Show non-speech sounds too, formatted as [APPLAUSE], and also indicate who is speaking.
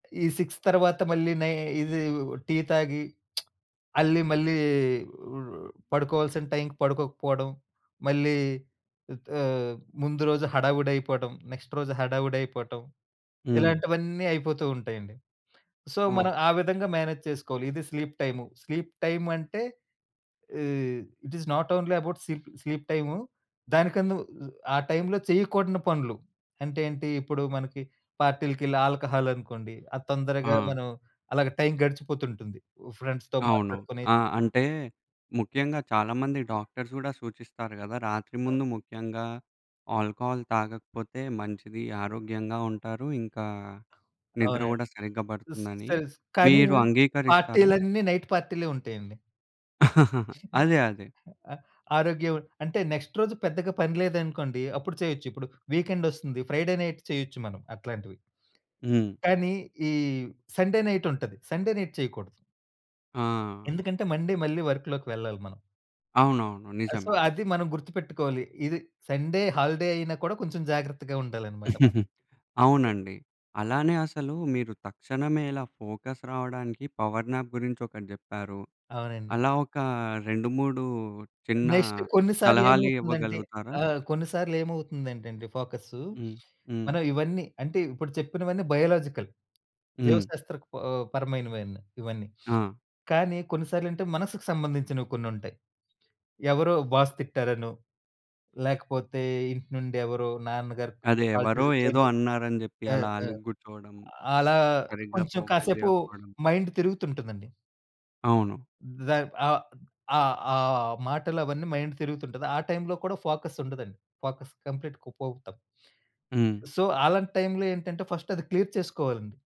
Speaker 1: ఈ 6 తర్వాత మళ్ళీ నై ఇది టీ తాగి [SMACKS LIPS] అల్లి మళ్ళీ ఆహ్, పడుకోవాల్సిన టైంకి పడుకోకపోవడం మళ్ళీ ఆహ్, ముందు రోజు హడావిడైపోవడం, నెక్స్ట్ రోజు హడావిడయిపోవటం
Speaker 2: హ్మ్.
Speaker 1: ఇలాంటివన్నీ అయిపోతూ ఉంటాయండి. సో, మనం ఆ
Speaker 2: ఓకే.
Speaker 1: విధంగా మేనేజ్ చేసుకోవాలి. ఇది స్లీప్ టైము. స్లీప్ టైమ్ అంటే ah, it is not only about sleep sleep time దానికన్నా ఆ టైంలో చేయకూడని పనులు అంటే ఏంటి? ఇప్పుడు మనకి పార్టీలకెళ్ళి ఆల్కహాల్ అనుకోండి. అది తొందరగా
Speaker 2: ఆ!
Speaker 1: మనం అలాగే టైం గడిచిపోతుంటుంది. ఫ్రెండ్స్‌తో
Speaker 2: అవును.
Speaker 1: మాట్లాడుకుని
Speaker 2: ఆ!
Speaker 1: [UNINTELLIGIBLE]
Speaker 2: అంటే ముఖ్యంగా చాలా మంది డాక్టర్స్ గూడా సూచిస్తారు గదా! రాత్రి
Speaker 1: అవును.
Speaker 2: ముందు ముఖ్యంగా ఆల్కహాల్ తాగకపోతే మంచిది ఆరోగ్యంగా ఉంటారు. ఇంకా నిద్ర
Speaker 1: అవునండి.
Speaker 2: గూడా సరిగ్గా
Speaker 1: స్
Speaker 2: బడుతుందని
Speaker 1: తెలుసు. కానీ
Speaker 2: మీరు అంగీకరిస్తారా?
Speaker 1: పార్టీలన్నీ నైట్ పార్టీలే ఉంటాయండి.
Speaker 2: [CHUCKLES]
Speaker 1: హ్మ్.
Speaker 2: అదే, అదే.
Speaker 1: ఆహ్, ఆరోగ్యం అంటే నెక్స్ట్ రోజు పెద్దగా పని లేదనుకోండి అప్పుడు చేయొచ్చు. ఇప్పుడు వీకెండ్ ఒస్తుంది. ఫ్రైడే నైట్ చేయొచ్చు మనం అట్లాంటివి.
Speaker 2: హ్మ్.
Speaker 1: కానీ, ఈ సండే నైట్ ఉంటది. సండే నైట్ చేయకూడదు.
Speaker 2: ఆ!
Speaker 1: ఎందుకంటే మండే మళ్ళీ వర్క్‌లోకి వెళ్ళాలి మనం.
Speaker 2: అవునవును.
Speaker 1: ఆహ్, సో,
Speaker 2: నిజమే.
Speaker 1: అది మనం గుర్తుపెట్టుకోవాలి. ఇది సండే హాలిడే అయినా కూడా కొంచెం జాగ్రత్తగా ఉండాలన్నమాట మనం.
Speaker 2: [CHUCKLES]
Speaker 1: [UNINTELLIGIBLE]
Speaker 2: అవునండి. అలానే అసలు మీరు తక్షణమే ఇలా ఫోకస్ రావడానికి పవర్ నాప్ గురించి ఒకటి జెప్పారు.
Speaker 1: అవునండి.
Speaker 2: అలా ఒక 2, 3 చిన్న
Speaker 1: నెక్స్ట్ కొన్నిసార్లు
Speaker 2: సలహాలు
Speaker 1: ఏమవుతుందంటే
Speaker 2: ఇవ్వగలుగుతారా?
Speaker 1: ఆహ్, కొన్నిసార్లు ఏమవుతుందంటే అండి ఫోకస్సు.
Speaker 2: హ్మ్. హ్మ్.
Speaker 1: మనం ఇవన్నీ అంటే ఇప్పుడు చెప్పినవన్నీ బయోలాజికల్.
Speaker 2: హ్మ్.
Speaker 1: జీవశాస్త్ర ఆహ్, పరమైనవి ఇవన్నీ.
Speaker 2: ఆ!
Speaker 1: కానీ కొన్నిసార్లంటే మనస్సుకు సంబంధించినవి కొన్నుంటాయి. ఎవరో బాస్ తిట్టారనో, లేకపోతే ఇంటి నుండి ఎవరో నాన్నగారికి
Speaker 2: అది
Speaker 1: కాల్
Speaker 2: ఎవరో
Speaker 1: దేని
Speaker 2: ఏదో
Speaker 1: గురించి
Speaker 2: అన్నారని జెప్పి
Speaker 1: ఆ!
Speaker 2: అలా
Speaker 1: ఆ!
Speaker 2: అలిగి గూర్చోవడం.
Speaker 1: అలా
Speaker 2: సరిగ్గా
Speaker 1: కొంచెం
Speaker 2: ఫోకస్
Speaker 1: కాసేపు
Speaker 2: జేయకపోవడం.
Speaker 1: మైండ్ తిరుగుతుంటుందండి.
Speaker 2: అవును.
Speaker 1: దన్ ఆ ఆ ఆ మాటలు అవన్నీ మైండ్ తిరుగుతుంటది. ఆ టైంలో కూడా ఫోకస్ ఉండదండి. ఫోకస్ కంప్లీట్‌గా పోవుతాము.
Speaker 2: హ్మ్.
Speaker 1: సో, అలాంటి టైంలో ఏంటంటే ఫస్ట్ అది క్లియర్ చేసుకోవాలండి.